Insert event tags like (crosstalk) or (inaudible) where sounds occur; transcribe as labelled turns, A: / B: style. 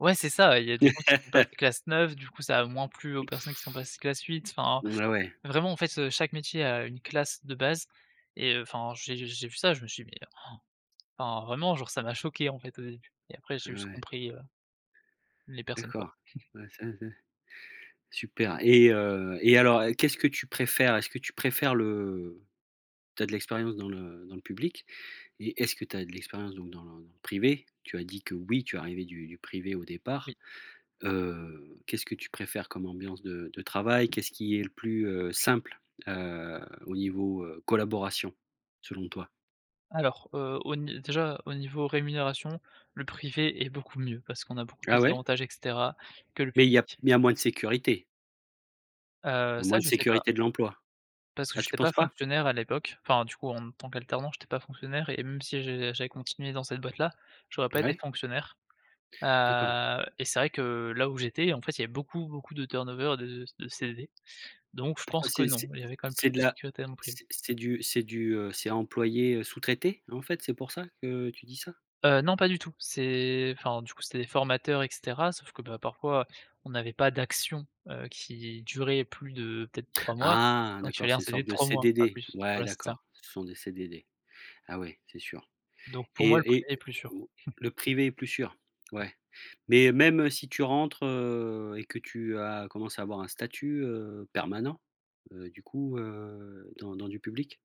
A: Ouais c'est ça, ouais, il y a des gens qui sont passés
B: (laughs)
A: classe 9, du coup ça a moins plu aux personnes qui sont passées classe 8, enfin.
B: Ouais, ouais.
A: Vraiment, en fait, heu, chaque métier a une classe de base et heu, enfin, j'ai j'ai vu ça, je me suis dit: «Mais» (gasps) enfin, vraiment genre, ça m'a choqué, en fait, au début. Et après
B: Ah
A: j'ai juste
B: ouais.
A: compris, heu, les personnes, quoi.
B: D'accord.
A: (chuckles)
B: Ouais, ça ai c'est super et heu et alors, qu'est-ce que tu préfères? Est-ce que tu préfères le tu as de l'expérience dans le dans le public et est-ce que tu as de l'expérience donc dans le privé? Tu as dit que, oui, tu es arrivé du du privé au
A: Oui.
B: départ, heu, qu'est-ce que tu préfères comme ambiance de de travail? Qu'est-ce qui est le plus, heu, simple, heu, au niveau, heu, collaboration selon toi?
A: Alors, heu, au n déjà au niveau rémunération, le privé est beaucoup mieux parce qu'on a beaucoup
B: Ah
A: plus
B: ouais?
A: d'avantages et cetera que le
B: Mais il y a
A: public.
B: il y a moins de sécurité.
A: Heu,
B: Il y a
A: ça,
B: moins de
A: je sais pas.
B: sécurité de l'emploi.
A: Parce que
B: Ah, tu
A: j'étais pas
B: penses pas?
A: fonctionnaire à l'époque, enfin, du coup en tant qu'alternant, j'étais pas fonctionnaire et même si je j'avais continué dans cette boîte-là, j'aurais pas été
B: Mouais?
A: fonctionnaire.
B: D'accord.
A: Heu et c'est vrai que, là où j'étais, en fait, il y avait beaucoup, beaucoup de turnover de de CV, donc je
B: Pourquoi
A: pense que
B: c'est
A: non,
B: c'est
A: il y avait quand même plus
B: c'est de
A: de
B: la
A: sécurité dans le privé.
B: c'est c'est du c'est du, heu, c'est employé, heu, sous-traité, en fait? C'est pour ça que tu dis ça?
A: Heu, non pas du tout, c'est enfin du coup, c'était des formateurs et cetera. Sauf que, bah, parfois on n'avait pas d'actions, heu, qui duraient plus de peut-être 3 mois,
B: Ah
A: donc il
B: d'accord,
A: fallait un
B: c'est une
A: CV de
B: sorte de
A: 3 mois, pas
B: CDD?
A: plus.
B: Ouais,
A: Voilà, c'est ça.
B: d'accord, ce sont des CDD. Ah ouais, c'est sûr
A: Donc pour moi, le
B: et
A: privé
B: et
A: est plus sûr.
B: au
A: (chuckles)
B: le privé est plus sûr? Ouais. Mais même si tu rentres, heu et que tu as commencé à avoir un statut, heu, permanent, heu, du coup, heu, dans dans du public?